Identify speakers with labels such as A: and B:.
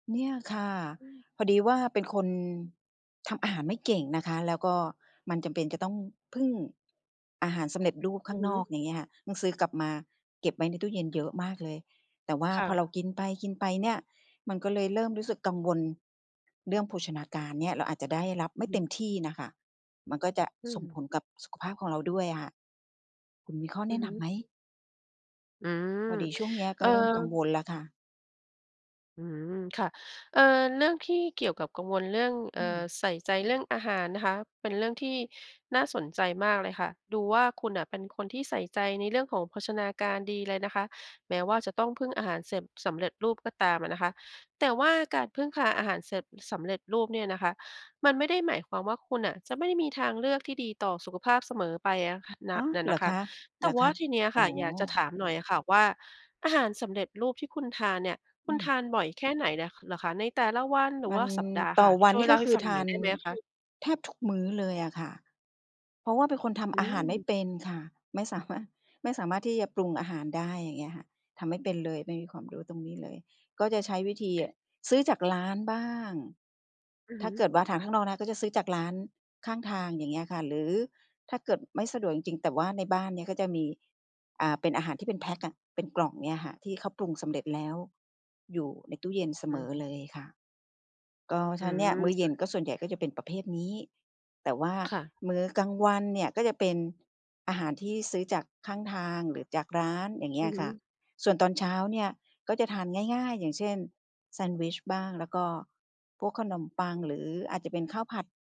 A: เนี่ยค่ะ
B: อืม
A: พอดีว่าเป็นคนทำอาหารไม่เก่งนะคะ แล้วก็มันจำเป็นจะต้องพึ่งอาหารสำเร็จรูป
B: อ
A: ข้
B: ื
A: า
B: อ
A: ง
B: ฮ
A: นอ
B: ึ
A: ก อย่างเงี้ย ต้องซื้อกลับมาเก็บไว้ในตู้เย็นเยอะมากเลย แต่ว่า
B: ค่
A: พอ
B: ะ
A: เรากินไป กินไปเนี่ย มันก็เลยเริ่มรู้สึกกังวลเรื่องโภชนาการเนี่ย เราอาจจะได้รับ
B: อื
A: ไม
B: อ
A: ่
B: ฮ
A: เต็
B: ึ
A: มที่น่ะคะ มันก็จะ
B: อื
A: ส่ง
B: ม
A: ผลกับสุขภาพของเราด้วยอะ คุณมีข้อ
B: อ
A: แ
B: ื
A: นะ
B: อฮ
A: นำ
B: ึ
A: ไหม?
B: อืม
A: พอดีช่วงเนี้ย
B: เ
A: ก
B: อ
A: ็
B: อ
A: เริ่มกังวลแล้วค่ะ
B: อืม ค่ะ เอ่อ เรื่องที่เกี่ยวกับกังวลเรื่อง เอ
A: อื
B: ่อ
A: ม
B: ใส่ใจเรื่องอาหารนะคะ เป็นเรื่องที่น่าสนใจมากเลยค่ะ ดูว่าคุณน่ะเป็นคนที่ใส่ใจในเรื่องของโภชนาการดีเลยนะคะ แม้ว่าจะต้องพึ่งอาหารเสพ สำเร็จรูปก็ตามอะนะคะ แต่ว่าการพึ่งพาอาหารเสพ สำเร็จรูปเนี่ยนะคะ มันไม่ได้หมายความว่าคุณน่ะจะไม่มีทางเลือกที่ดีต่อสุขภาพเสมอไปอะ ค น่
A: อ
B: ะ
A: ๋อ
B: น่ะ
A: เหร
B: นะ
A: อ
B: ค
A: ค
B: ะ
A: ะ?
B: แ
A: เห
B: ต
A: ร
B: ่
A: อ
B: ว
A: ค
B: ่า
A: ะ?
B: ทีเนี้ย
A: อ๋
B: ค
A: อ
B: ่ะ อยากจะถามหน่อยอะค่ะว่า อาหารสำเร็จรูปที่คุณทานเนี่ย ค
A: อ
B: ุณ
A: ื
B: ท
A: ม
B: านบ่อยแค่ไหนเนี่ยเหรอคะ ในแต่ละวันหรื
A: ว
B: อว
A: ั
B: ่
A: น
B: าสัปดาห์
A: ต
B: ค
A: ่
B: ่
A: อ
B: ะ
A: วั
B: ช
A: น
B: ่ว
A: นี
B: ย
A: ่
B: เล่
A: ก็
B: าให
A: ค
B: ้
A: ือ
B: ฟัง
A: ท
B: หน่
A: า
B: อย
A: น
B: ได้ไหมคะ?
A: แทบทุกมื้อเลยอะค่ะ เพราะว่าเป็นคนท
B: อื
A: ำอาหารไม่
B: ม
A: เป็นค่ะ ไม่สามารถ ไม่สามารถที่จะปรุงอาหารได้อย่างเงี้ยค่ะ ทำไม่เป็นเลย ไม่มีความรู้ตรงนี้เลย ก็จะใช้วิธีซื้อจากร้านบ้าง
B: อือ
A: ถ
B: ฮ
A: ้า
B: ึ
A: เกิดว่าทางข้างนอกนะก็จะซื้อจากร้านข้างทางอย่างเงี้ยค่ะ หรือถ้าเกิดไม่สะดวกจริง ๆ แต่ว่าในบ้านเนี่ยก็จะมี อ่า เป็นอาหารที่เป็นแพ็กอะ เป็นกล่องเนี่ยค่ะ ที่เขาปรุงสำเร็จแล้วอยู่ในตู้เย็นเส
B: อื
A: มอเล
B: อ
A: ยค่ะ ก็ฉ
B: อ
A: ะนั้นเนี่ยมื้
B: ืม
A: อเย็นก็ส่วนใหญ่ก็จะเป็นประเภทนี้ แต่ว่า
B: ค่ะ
A: มื้อกลางวันเนี่ยก็จะเป็นอาหารที่ซื้อจากข้างทาง หรือจากร้านอย่างเง
B: อ
A: ี้
B: ื
A: ย
B: อฮ
A: ค่ะ
B: ึ
A: ส่วนตอนเช้าเนี่ยก็จะทานง่าย ๆ อย่างเช่น แซนด์วิชบ้าง แล้วก็พวกขนมปังหรืออาจจะเป็นข้าวผัด